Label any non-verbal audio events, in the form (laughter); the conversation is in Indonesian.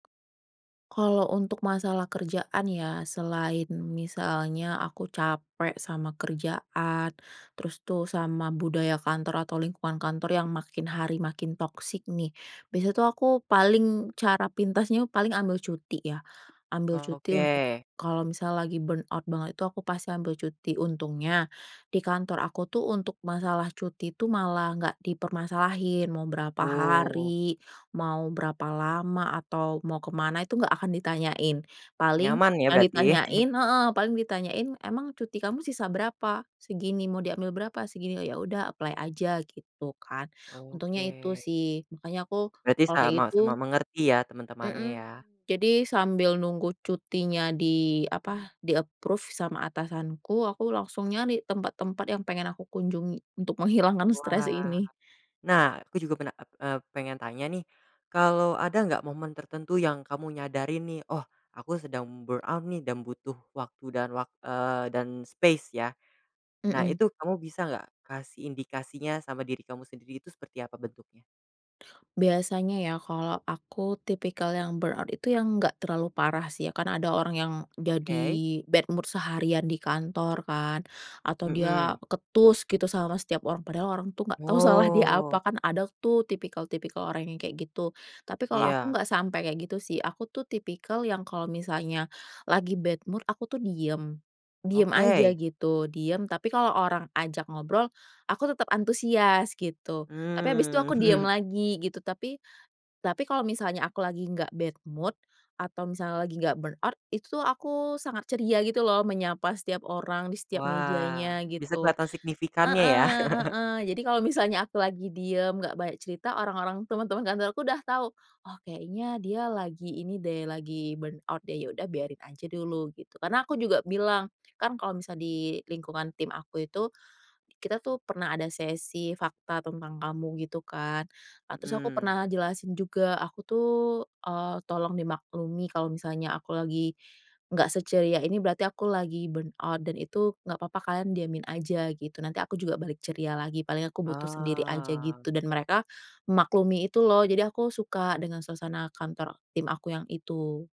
Kalau untuk masalah kerjaan ya, selain misalnya aku capek sama kerjaan, terus tuh sama budaya kantor atau lingkungan kantor yang makin hari makin toksik nih, biasanya tuh aku paling cara pintasnya paling ambil cuti ya, ambil cuti untuk Oke. kalau misal lagi burnout banget itu aku pasti ambil cuti. Untungnya di kantor aku tuh untuk masalah cuti tuh malah nggak dipermasalahin, mau berapa Oh. hari, mau berapa lama, atau mau ke mana itu nggak akan ditanyain. Paling Nyaman ya yang berarti. (chuckles) ditanyain heeh, paling ditanyain, "Emang cuti kamu sisa berapa?" "Segini," "Mau diambil berapa?" "Segini," "Oh, ya udah apply aja," gitu kan, untungnya itu Oke. sih. Makanya aku Berarti kalau kayak sama-sama gitu mengerti ya teman-temannya Mhm, ya. jadi sambil nunggu cutinya di apa, di-approve sama atasanku, aku langsung nyari tempat-tempat yang pengen aku kunjungi untuk menghilangkan stres Wah. ini. Nah, aku juga pena e eee, pengen tanya nih, kalau ada nggak momen tertentu yang kamu nyadarin nih, oh, aku sedang burnout nih dan butuh waktu dan wak eee, dan space ya. Nah, Mhm. itu kamu bisa nggak kasih indikasinya sama diri kamu sendiri itu seperti apa bentuknya? Biasanya ya kalau aku tipikal yang burnout itu yang nggak terlalu parah sih ya, karena ada orang yang jadi Oke. bad mood seharian di kantor kan, atau dia Mhm. ketus gitu sama setiap orang padahal orang tuh nggak tau salah dia apa, Wow. kan ada tuh tipikal-tipikal orang yang kayak gitu. Tapi kalau aku Iya. nggak sampai kayak gitu sih, aku tuh tipikal yang kalau misalnya lagi bad mood, aku tuh diam. Diam aja Oke. gitu diam, tapi kalau orang ajak ngobrol aku tetap antusias gitu. Tapi habis itu Hmm. aku diam (chuckles) lagi gitu tapi tapi kalau misalnya aku lagi nggak bad mood atau misalnya lagi nggak burnout itu tuh aku sangat ceria gitu loh, menyapa setiap orang di setiap Wah, mejanya bisa gitu. kelihatan signifikannya ya. Heeh (chuckles) heeh. Jadi kalau misalnya aku lagi diam nggak banyak cerita, orang-orang teman-teman kantorku udah tahu, "Oh, kayaknya dia lagi ini deh, lagi burnout deh, ya udah biarin aja dulu," gitu, karena aku juga bilang, kan kalau misalnya di lingkungan tim aku itu, kita tuh pernah ada sesi fakta tentang kamu gitu kan. Nah, terus aku Mhm. pernah jelasin juga aku tuh, eee, tolong dimaklumi kalau misalnya aku lagi nggak seceria ini, berarti aku lagi burnout dan itu nggak papa, kalian diamin aja gitu, nanti aku juga balik ceria lagi paling aku butuh sendiri aja Oh. gitu, dan mereka memaklumi itu loh, jadi aku suka dengan suasana kantor tim aku yang itu.